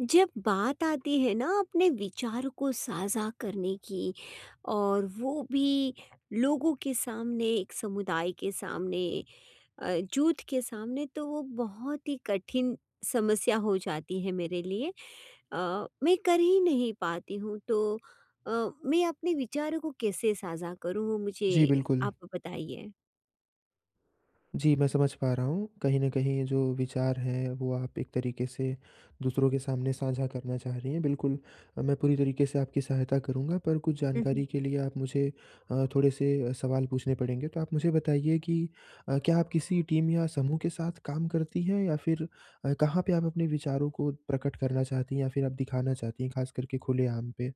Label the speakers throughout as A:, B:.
A: जब बात आती है ना अपने विचारों को साझा करने की और वो भी लोगों के सामने, एक समुदाय के सामने अ, जुट के सामने तो वो बहुत ही कठिन समस्या हो जाती है मेरे लिए अ, मैं कर ही नहीं पाती हूँ। तो अ, मैं अपने विचारों को कैसे साझा करूँ? वो
B: जी,
A: मुझे
B: बिल्कुल।
A: आप बताइए।
B: जी, मैं समझ पा रहा हूँ। कहीं न कहीं ये जो विचार हैं वो आप एक तरीक़े से दूसरों के सामने साझा करना चाह रही हैं बिल्कुल, मैं पूरी तरीक़े से आपकी सहायता करूँगा। पर कुछ
A: हुँ, हुँ।
B: जानकारी के लिए आप मुझे अ, थोड़े से अ, सवाल पूछने पड़ेंगे। तो आप मुझे बताइए कि अ, क्या आप किसी टीम या समूह के साथ काम करती हैं या फिर अ, कहाँ पे आप अपने विचारों को प्रकट करना चाहती हैं या फिर आप दिखाना चाहती हैं, खास करके खुलेआम पे।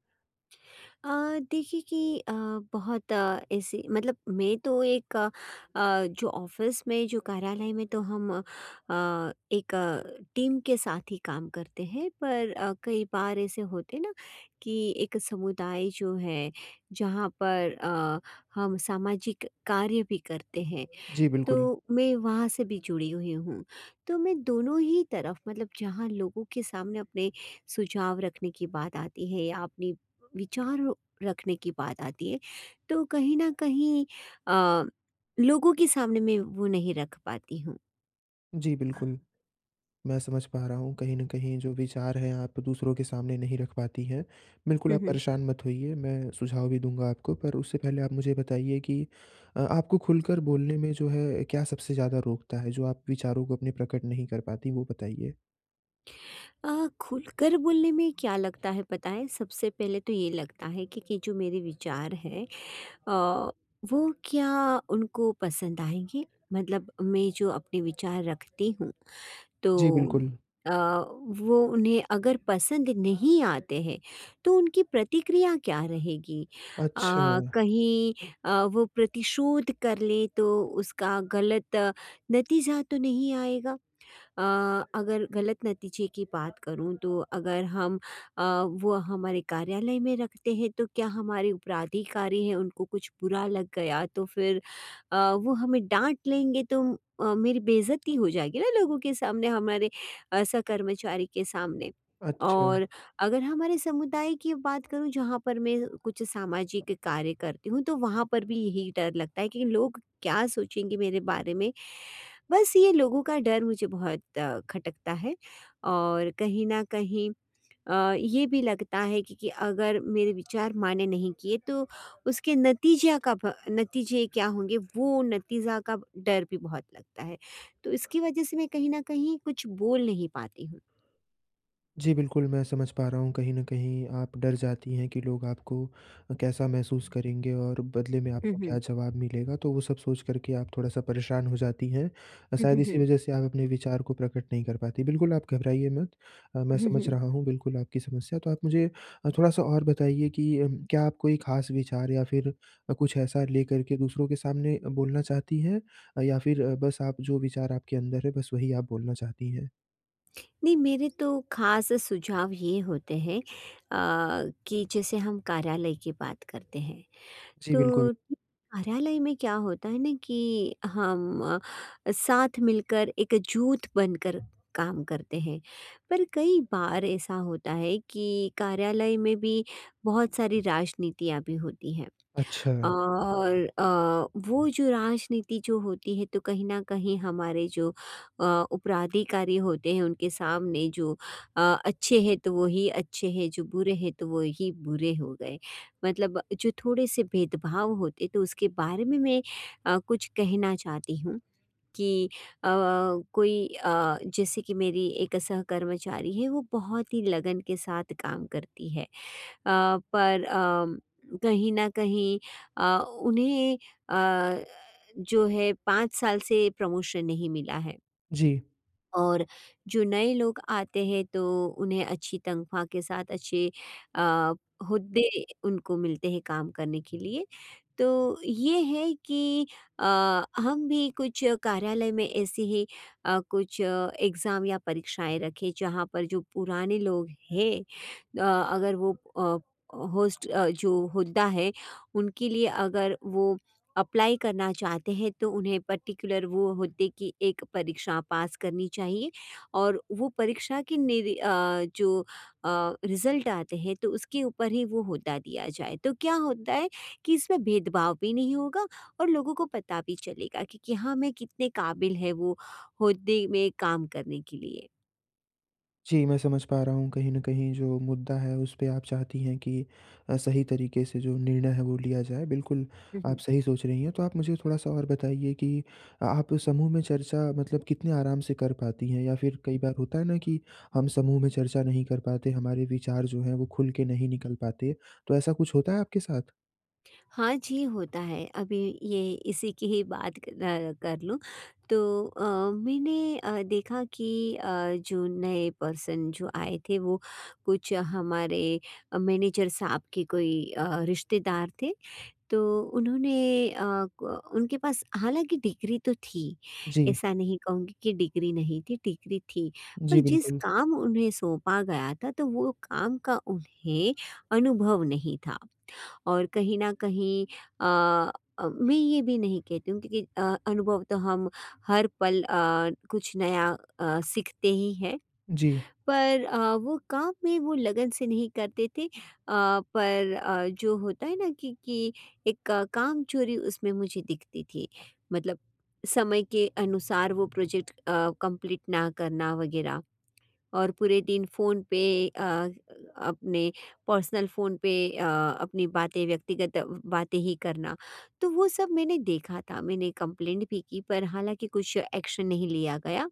A: अ, देखिए कि अ, बहुत ऐसे मतलब मैं तो एक अ, जो ऑफिस में, जो कार्यालय में तो हम अ, एक अ, टीम के साथ ही काम करते हैं, पर अ, कई बार ऐसे होते हैं ना कि एक समुदाय जो है, जहाँ पर अ, हम सामाजिक कार्य भी करते हैं,
B: जी, बिल्कुल।
A: तो मैं वहाँ से भी जुड़ी हुई हूँ। तो मैं दोनों ही तरफ़, मतलब जहाँ लोगों के सामने अपने सुझाव रखने की बात आती है या अपने विचार रखने की बात आती है, तो कहीं न कहीं अ, लोगों के सामने मैं वो नहीं रख पाती हूँ।
B: जी बिल्कुल। मैं समझ पा रहा हूँ। कहीं न कहीं जो विचार हैं, आप दूसरों के सामने नहीं रख पाती हैं। बिल्कुल
A: हुँ,
B: आप
A: हुँ।
B: परेशान मत होइए, मैं सुझाव भी दूँगा आपको। पर उससे पहले आप मुझे ये बताइए कि अ आपको खुलकर बोलने में जो है, क्या सबसे ज़्यादा रोकता है? जो आप विचारों को अपने प्रकट नहीं कर पाती, वो बताइए?
A: अ, खुलकर बोलने में क्या लगता है, पता है? सबसे पहले तो ये लगता है कि कि जो मेरे विचार हैं। अ, वो क्या उनको पसंद आएँगे? मतलब मैं जो अपने विचार रखती हूँ,
B: जी,
A: तो
B: बिल्कुल।
A: अ, वो उन्हें अगर पसंद नहीं आते हैं, तो उनकी प्रतिक्रिया क्या रहेगी? अ,
B: अच्छा।
A: कहीं अ, वो प्रतिशोध कर लें, तो उसका ग़लत नतीजा तो नहीं आएगा? अ अगर ग़लत नतीजे की बात करूँ, तो अगर हम अ, वो हमारे कार्यालय में रखते हैं, तो क्या हमारे उपराधिकारी हैं, उनको कुछ बुरा लग गया, तो फिर अ, वो हमें डाँट लेंगे, तो अ, मेरी बेइज्जती हो जाएगी ना लोगों के सामने, हमारे अ, सह-कर्मचारी के सामने।
B: अच्छा।
A: और अगर हमारे समुदाय की बात करूँ जहाँ पर मैं कुछ सामाजिक कार्य करती हूँ, तो वहाँ पर भी यही डर लगता है कि लोग क्या सोचेंगे मेरे बारे में? बस ये लोगों का डर मुझे बहुत अ, खटकता है और कहीं न कहीं अ, ये भी लगता है कि कि अगर मेरे विचार माइने नहीं किए, तो उसके नतीजया का ब नतीजे क्या होंगे? वो नतीजा का डर भी बहुत लगता है। तो इसकी वजह से मैं कहीं न कहीं कुछ बोल नहीं पाती हूँ।
B: जी बिल्कुल, मैं समझ पा रहा हूँ। कहीं न कहीं, आप डर जाती हैं कि लोग आपको कैसा महसूस करेंगे और बदले में
A: हुँ,
B: आपको
A: हुँ।
B: क्या जवाब मिलेगा। तो वो सब सोच करके आप थोड़ा-सा परेशान हो जाती हैं।
A: हुँ,
B: शायद
A: हुँ,
B: इसी
A: हुँ।
B: वजह से आप अपने विचार को प्रकट नहीं कर पाती। बिल्कुल आप घबराइए मत। अ, मैं
A: हुँ,
B: समझ
A: हुँ।
B: रहा हूँ बिल्कुल आपकी समस्या। तो आप मुझे अ, थोड़ा-सा और बताइए कि उम, क्या आप कोई खास विचार या फिर कुछ ऐसा लेकर के दूसरों के सामने बोलना चाहती हैं, या फिर अ, बस आप जो विचार आपके अंदर है, बस वही आप बोलना चाहती हैं?
A: मेरे तो खास सुझाव ये होते हैं अ, कि जैसे हम कार्यालय की बात करते हैं।
B: जी,
A: तो
B: बिल्कुल।
A: उम, कार्यालय में क्या होता है ना कि हम साथ मिलकर एक जुट बनकर काम करते हैं। पर कई बार ऐसा होता है कि कार्यालय में भी बहुत सारी राजनीतियाँ भी होती हैं।
B: अच्छा।
A: और अ, वो जो राजनीति जो होती है तो कहीं न कहीं हमारे जो अ, उपराधिकारी होते हैं, उनके सामने जो अ, अच्छे हैं तो वही अच्छे हैं, जो बुरे हैं तो वही बुरे हो गए। मतलब जो थोड़े-से भेदभाव होते तो उसके बारे में मैं अ, कुछ कहना चाहती हूँ कि अ, कोई अ, जैसे कि मेरी एक सह कर्मचारी है वो बहुत ही लगन के साथ काम करती है। अ, पर अम, कहीं न कहीं अ, उन्हें अ, जो है 5 साल से प्रमोशन नहीं मिला है।
B: जी।
A: और जो नए लोग आते हैं तो उन्हें अच्छी तनख्वाह के साथ अच्छे अ, हुद्दे उनको मिलते हैं काम करने के लिए। तो ये है कि अ, हम भी कुछ कार्यालय में ऐसे ही अ, कुछ एग्ज़ाम या परीक्षाएँ रखें, जहाँ पर जो पुराने लोग हैं। अ, अगर वो अ, होस्ट जो हुद्दा है, उनके लिए अगर वो अप्लाई करना चाहते हैं तो उन्हें पर्टिकुलर वो हुद्दे की एक परीक्षा पास करनी चाहिए और वो परीक्षा के निर अ, जो अ, रिजल्ट आते हैं तो उसके ऊपर ही वो हुद्दा दिया जाए। तो क्या होता है कि इसमें भेदभाव भी नहीं होगा और लोगों को पता भी चलेगा कि कि हाँ, में कितने काबिल है वो हुद्दे में काम करने के लिए।
B: जी, मैं समझ पा रहा हूँ कहीं न कहीं जो मुद्दा है उस पे आप चाहती हैं कि अ, सही तरीक़े से जो निर्णय है वो लिया जाए बिल्कुल,
A: हुँ, हुँ।
B: आप सही सोच रही हैं। तो आप मुझे थोड़ा-सा और बताइए कि अ आप समूह में चर्चा मतलब कितने आराम से कर पाती हैं या फिर कई बार होता है ना कि हम समूह में चर्चा नहीं कर पाते, हमारे विचार जो हैं वो खुल के नहीं निकल पाते। तो ऐसा कुछ होता है आपके साथ?
A: हाँ जी, होता है। अभी ये इसी की ही बात क अ, कर लूँ तो अ, मैंने अ, देखा कि अ, जो नए पर्सन जो आए थे वो कुछ हमारे अ, मैनेजर साहब के कोई, अ, रिश्तेदार थे। तो उन्होंने अ क उनके पास हालाँकि डिग्री तो थी,
B: जी।
A: ऐसा नहीं कहूँगी कि डिग्री नहीं थी, डिग्री थी, पर
B: जी,
A: जिस
B: बिल्कुल।
A: काम उन्हें सौंपा गया था, तो वो काम का उन्हें अनुभव नहीं था। और कहीं न कहीं अ अ, मैं ये भी नहीं कहती हूँ कि अ, अनुभव तो हम हर पल अ, कुछ नया, अ, सीखते ही हैं,
B: जी।
A: पर अ, वो काम में वो लगन से नहीं करते थे। अ, पर अ, जो होता है ना कि कि एक क कामचोरी उसमें मुझे दिखती थी। मतलब समय के अनुसार वो प्रोजैक्ट अ, कंप्लीट ना करना वगैरह और पूरे दिन फ़ोन पे अ, अपने पर्सनल फ़ोन पे अ, अपनी बातें व्यक्तिगत बातें ही करना। तो वो सब मैंने देखा था, मैंने कम्प्लेंट भी की पर हालाँकि कुछ एक्शन नहीं लिया गया।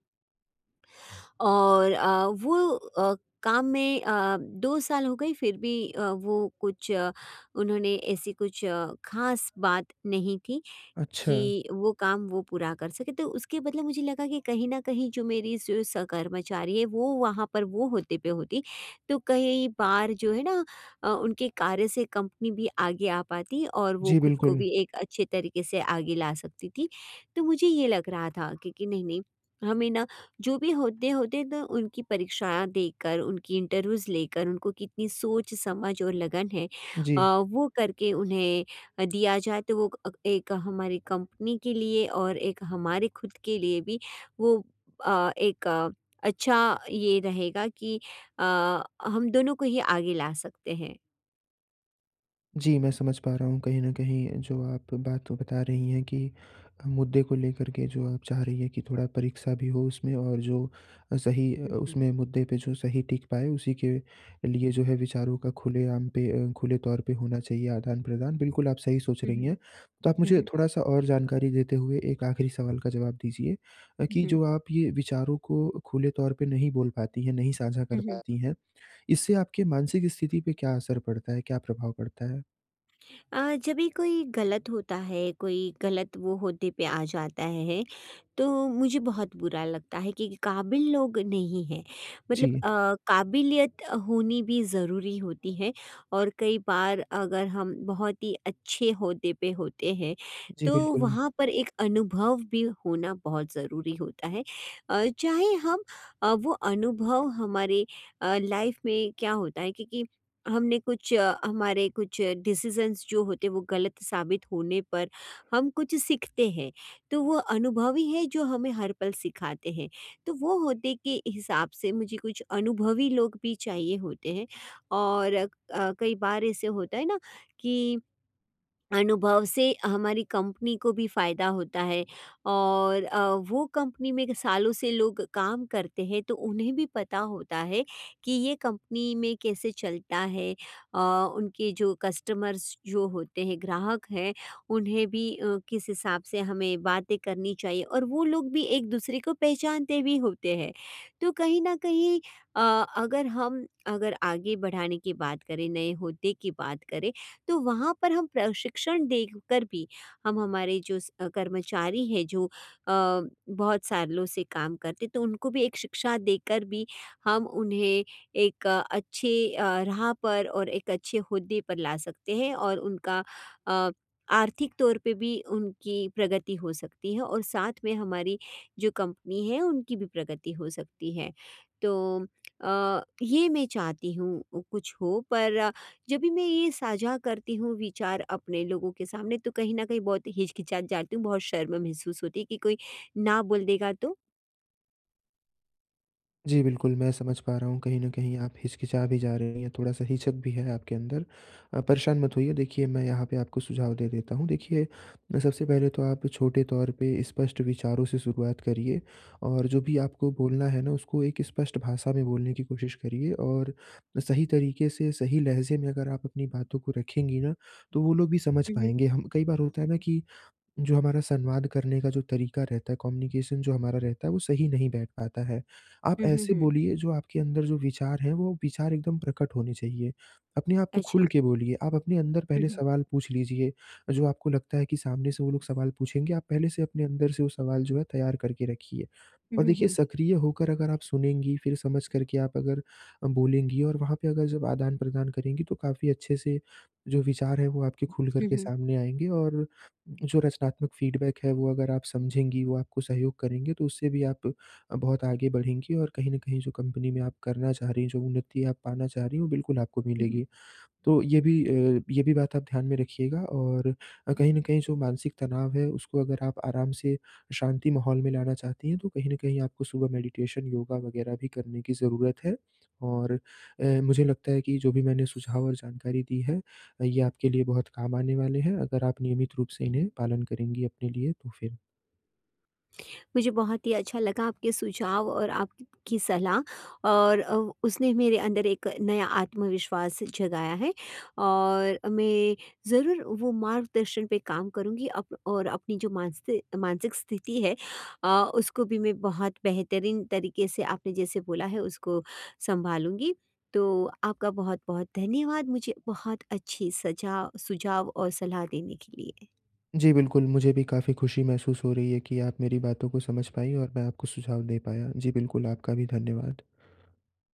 A: और अ, वो अ, काम में अ, 2 साल हो गए फिर भी अ, वो कुछ उन्होंने ऐसी कुछ ख़ास बात नहीं थी
B: अच्छा।
A: कि वो काम वो पूरा कर सकें। तो उसके बदले मुझे लगा कि कहीं न कहीं जो मेरी सु सहकर्मचारी है वो वहाँ पर वो होते पे होती, तो कई बार जो है ना अ, उनके कार्य से कंपनी भी आगे आ पाती और वो
B: जी,
A: खुद को
B: बिल्कुल।
A: भी एक अच्छे तरीक़े से आगे ला सकती थी, तो मुझे ये लग रहा था कि कि नहीं-नहीं हमें ना, जो भी होते-होते ना उनकी परीक्षा देकर, उनकी इंटरव्यूज़ लेकर, उनको कितनी सोच, समझ और लगन है अ,
B: जी।
A: वो करके उन्हें अ, दिया जाए तो वो क एक हमारी कंपनी के लिए और एक हमारे खुद के लिए भी वो अ, एक अच्छा ये रहेगा कि अ, हम दोनों को ही आगे ला सकते हैं।
B: जी, मैं समझ पा रहा हूँ, कहीं न कहीं जो आप बात बता रही हैं कि अ, मुद्दे को लेकर के जो आप चाह रही हैं कि थोड़ा परीक्षा भी हो उसमें और जो अ, सही अ,
A: हुँ, हुँ।
B: उसमें मुद्दे पे जो सही टिक पाए उसी के लिए जो है विचारों का खुलेआम पे अ, खुले तौर पे होना चाहिए आदान-प्रदान। बिल्कुल आप सही सोच
A: हुँ,
B: रही
A: हुँ।
B: हैं। तो आप
A: हुँ,
B: मुझे
A: हुँ।
B: थोड़ा-सा और जानकारी देते हुए एक आखिरी सवाल का जवाब दीजिए, अ, कि
A: जी।
B: जो आप ये विचारों को खुले तौर पे नहीं बोल पाती हैं, नहीं साझा कर
A: हुँ, हुँ।
B: पाती हैं इससे आपकी मानसिक स्थिति पे क्या असर पड़ता है? क्या प्रभाव पड़ता है?
A: अ, जब भी कोई गलत होता है, कोई गलत वो औहदे पे आ जाता है, तो मुझे बहुत बुरा लगता है कि काबिल लोग नहीं हैं। मतलब
B: जी।
A: अ, काबिलियत होनी भी ज़रूरी होती है और कई बार अगर हम बहुत ही अच्छे औहदे पे होते हैं,
B: जी,
A: तो
B: बिल्कुल।
A: वहाँ पर एक अनुभव भी होना बहुत ज़रूरी होता है। अ, चाहे हम अ, वो अनुभव हमारे लाइफ़ में क्या होता है कि कि हमने कुछ हमारे कुछ डिसिज़ंस जो होते वो गलत साबित होने पर, हम कुछ सीखते हैं। तो वो अनुभव ही है जो हमें हर पल सिखाते हैं। तो वो होदे के हिसाब से मुझे कुछ अनुभवी लोग भी चाहिए होते हैं और अ, कई बार ऐसे होता है ना कि अनुभव से हमारी कम्पनी को भी फायदा होता है और अ, वो कम्पनी में सालों से लोग काम करते हैं, तो उन्हें भी पता होता है कि ये कम्पनी में कैसे चलता है? अ, उनके जो कस्टमर्स जो होते हैं ग्राहक हैं, उन्हें भी अ, किस हिसाब से हमें बातें करनी चाहिए और वो लोग भी एक-दूसरे को पहचानते भी होते हैं। तो कहीं न कहीं अ अगर हम अगर आगे बढ़ाने की बात करें, नए औहदे की बात करें, तो वहाँ पर हम प्रशिक्षण देकर भी हम हमारे जो स कर्मचारी हैं जो अ, बहुत सालों से काम करते, तो उनको भी एक शिक्षा देकर भी हम उन्हें एक अच्छे अ, राह पर और एक अच्छे औहदे पर ला सकते हैं और उनका अ, आर्थिक तौर पे भी उनकी प्रगति हो सकती है और साथ में हमारी जो कम्पनी है उनकी भी प्रगति हो सकती है। तो अ, ये मैं चाहती हूँ, कुछ हो, पर जब भी मैं ये साझा करती हूँ विचार अपने लोगों के सामने, तो कहीं न कहीं बहुत हिचकिचाती जाती हूँ, बहुत शर्म महसूस होती है कि कोई ना बोल देगा तो।
B: जी, बिल्कुल, मैं समझ पा रहा हूँ कहीं न कहीं आप हिच-किचा भी जा रही हैं, थोड़ा-सा हिचक भी है आपके अंदर। अ, परेशान मत होइए देखिए मैं यहाँ पे आपको सुझाव दे देता हूँ, देखिए ब सबसे पहले तो आप छोटे तौर पे स्पष्ट विचारों से शुरुआत करिए और जो भी आपको बोलना है ना उसको एक स्पष्ट भाषा में बोलने की कोशिश करिए और सही तरीके से सही लहजे में अगर आप अपनी बातों को रखेंगी ना, तो वो लोग भी समझ
A: हुँ, हुँ।
B: पाएँगे हम कई बार होता है ना कि जो हमारा संवाद करने का जो तरीका रहता है, कम्युनिकेशन जो हमारा रहता है वो सही नहीं बैठ पाता है। आप
A: हुँ, हुँ,
B: ऐसे
A: हुँ।
B: बोलिए जो आपके अंदर जो विचार हैं, वो विचार एकदम प्रकट होने चाहिए, अपने आप को खुल
A: अच्छा।
B: के बोलिए आप अपने अंदर
A: हुँ,
B: पहले
A: हुँ।
B: सवाल पूछ लीजिए। जो आपको लगता है कि सामने से वो लोग सवाल पूछेंगे, आप पहले से अपने अंदर से वो सवाल जो है तैयार करके रखिए
A: हुँ,
B: और
A: हुँ,
B: देखिए
A: हुँ।
B: सक्रिय होकर अगर आप सुनेंगी, फिर समझ कर के आप अगर अ, बोलेंगी और वहाँ पे अगर जब आदान-प्रदान करेंगी तो काफ़ी अच्छे से, जो विचार हैं वो आपके खुलकर
A: हुँ,
B: के
A: हुँ।
B: सामने आएँगे और जो रचनात्मक फ़ीडबैक है वो अगर आप समझेंगी वो आपको सहयोग करेंगे तो उससे भी आप बहुत आगे बढ़ेंगी और कहीं न कहीं जो कम्पनी में आप करना चाह रही हैं। जो उन्नति आप पाना चाह रही हैं वो बिल्कुल आपको
A: हुँ, हुँ।
B: मिलेगी। तो ये भी अ, ये भी बात आप ध्यान में रखिएगा और अ, कहीं न कहीं जो मानसिक तनाव है उसको अगर आप आराम से, शांति माहौल में लाना चाहती हैं, तो कहीं न कहीं आपको सुबह मैडिटेशन, योगा वगैरह भी करने की जरूरत है और अ, मुझे लगता है कि जो भी मैंने सुझाव और जानकारी दी है अ, ये आपके लिए बहुत काम आने वाले हैं। अगर आप नियमित रूप से इन्हें पालन करेंगी अपने लिए तो फिर।
A: मुझे बहुत ही अच्छा लगा आपके सुझाव और आपकी सलाह और अ, उसने मेरे अंदर एक नया आत्मविश्वास जगाया है और मैं ज़रूर वो मार्गदर्शन पे काम करूँगी अप और अपनी जो मानसि मानसिक स्थिति है अ, उसको भी मैं बहुत बेहतरीन तरीके से आपने जैसे बोला है उसको सँभालूँगी। तो आपका बहुत-बहुत धन्यवाद, मुझे बहुत अच्छे सजा सुझाव और सलाह देने के लिए।
B: जी, बिल्कुल, मुझे भी काफ़ी खुशी महसूस हो रही है कि आप मेरी बातों को समझ पाईं और मैं आपको सुझाव दे पाया। जी बिल्कुल, आपका भी धन्यवाद।